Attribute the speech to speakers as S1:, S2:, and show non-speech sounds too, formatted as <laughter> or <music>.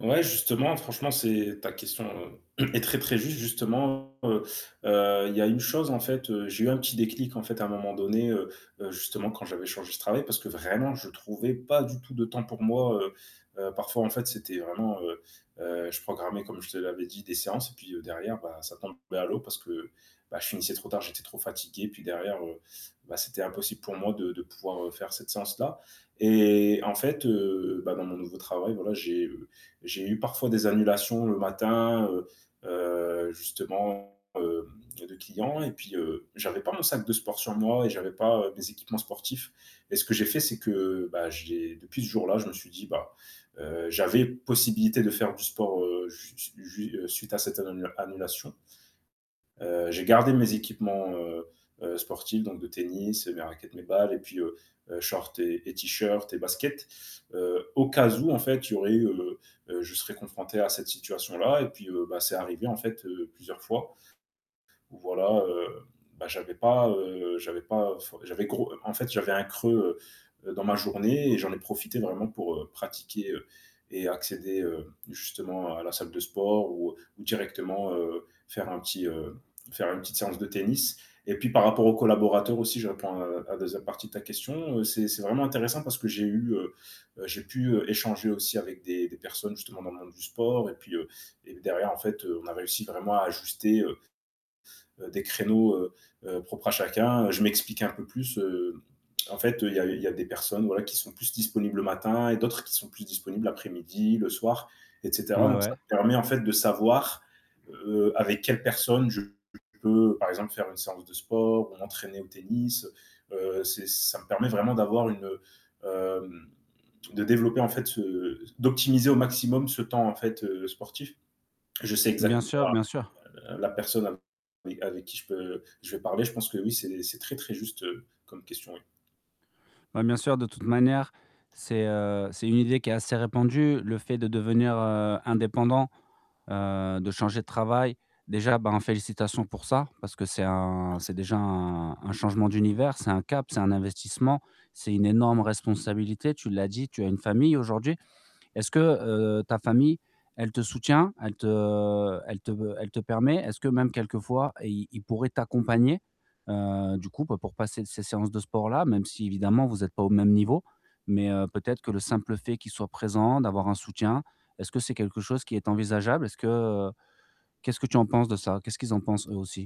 S1: Ouais justement franchement c'est, ta question <clears throat> est très très ju ste justement, heu heu, il y a une chose en fait, j'ai eu un petit déclic en fait à un moment donné, heu heu, justement quand j'avais changé ce travail parce que vraiment je trouvais pas du tout de temps pour moi, heu heu, parfois en fait c'était vraiment, heu heu, je programmais comme je te l'avais dit des séances et puis derrière bah ça tombait à l'eau parce que bah je finissais trop tard, j'étais trop fatigué puis derrière, heu, bah c'était impossible pour moi de de pouvoir faire cette séance-là et en fait, heu, bah dans mon nouveau travail voilà j'ai, heu j'ai eu parfois des annulations le matin, heu, heu, justement, heu, de clients et puis, heu, j 'avais pas mon sac de sport sur moi et j'avais pas mes équipements sportifs et ce que j'ai fait c'est que bah j'ai depuis ce jour-là je me suis dit bah heu, j'avais possibilité de faire du sport, heu, jui ju suite à cette annu annulation. Heu, j'ai gardé mes équipements, heu heu, sportifs donc de tennis, mes raquettes, mes balles et puis, heu, shorts et et tee-shirts et baskets, heu, au cas ou en fait, il y aurait, heu, je serais confronté à cette situation-là et puis bah c'est arrivé en fait, heu, plusieurs fois où voilà, heu, bah j'avais pas, heu, j'avais pas enfin j'avais gros en fait j'avais un creux dans ma journée et j'en ai profité vraiment pour, heu, pratiquer et accéder, heu, justement à la salle de sport ou directement faire un petit, heu, faire une petite séance de tennis et puis par rapport aux collaborateurs aussi je réponds à la 2e partie de ta question, c'est c'est vraiment intéressant parce que j'ai eu, heu, j'ai pu échanger aussi avec des des personnes justement dans le monde du sport et puis, heu, et derrière en fait on a réussi vraiment à ajuster, heu, des créneaux, heu heu, propres à chacun, je m'explique un peu plus, heu, en fait il y a il y a des des personnes voilà qui sont plus disponibles le matin et d'autres qui sont plus disponibles après-midi, le soir et cetera
S2: Ouais,
S1: donc
S2: ouais.
S1: ça me permet en fait de savoir, heu, avec quelle personne je peux par exemple faire une séance de sport ou m'entraîner au tennis, heu heu, c'est ça me permet vraiment d'avoir une heu de développer en fait ce d'optimiser au maximum ce temps en fait, heu, sportif. Je sais
S2: Bien
S1: exactement
S2: sûr, bien sûr.
S1: la la personne avec qui je peux, je vais parler, je pense que oui c'est c'est très très juste comme question oui.
S2: Ouais bien sûr, de toute manière, c'est, heu, c'est une idée qui est assez répandue, le fait de devenir, heu, indépendant, heu, de changer de travail, déjà ben félicitations pour ça, parce que c'est un, c'est
S1: <unintelligible>
S2: déjà un un changement d'univers, c'est un cap, c'est un investissement, c'est une énorme responsabilité, tu l'as dit, tu as une famille aujourd'hui. Est-ce que, heu, ta famille, elle te soutient? Elle te elle te elle te permet est-ce que même quelques fois, i ils pourraient t'accompagner, heu, du coup pour passer ces séances de sport-là? Même si évidemment vous êtes pas au même niveau, mais heu, peut-être que le simple fait qu'ils soient présent, d'avoir un soutien, est-ce que c'est quelque chose qui est envisageable? Est-ce que, heu, qu'est-ce que tu en penses de ça? Qu'est-ce qu'ils en pensent eux aussi